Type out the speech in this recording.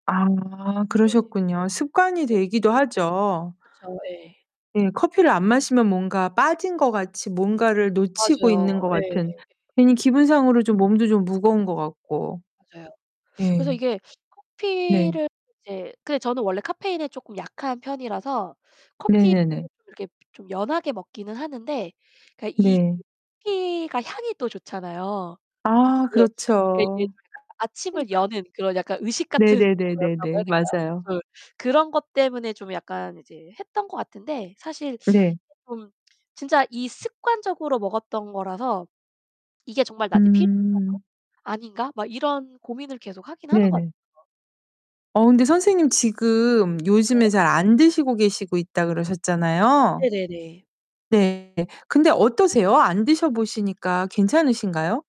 아. 네. 그러셨군요. 습관이 네. 되기도 하죠. 그쵸 예. 예 커피를 안 마시면 뭔가 빠진 것 같이 뭔가를 놓치고 있는 것 맞아요. 예. 같은 괜히 기분상으로 좀 몸도 무거운 것 같고. 맞아요. 그래서 예. 이게 네. 커피를 이제 근데 저는 원래 카페인에 쪼끔 약한 편이라서 커피를 네네네. 이렇게 좀 연하게 먹기는 하는데 그러니까 이 네. 커피가 향이 또 좋잖아요. 아 그래서 그게 이게 그렇죠. 제가 아침을 여는 그런 약간 의식 같은 거였다고 해야 네네네네네. 될까요? 맞아요. 그래서 그런 것 때문에 좀 약간 이제 했던 것 같은데 사실 이게 네. 좀 진짜 이 습관적으로 먹었던 거라서 '이게 정말 나한테 필요한 건가? 음. 아닌가?' 막 이런 고민을 계속 하긴 하는 것 네네. 같아요. 어 근데 선생님 지금 요즘에 네. 잘 안 드시고 계시고 있다 그러셨잖아요. 네네네. 네. 근데 어떠세요? 안 드셔 보시니까 괜찮으신가요?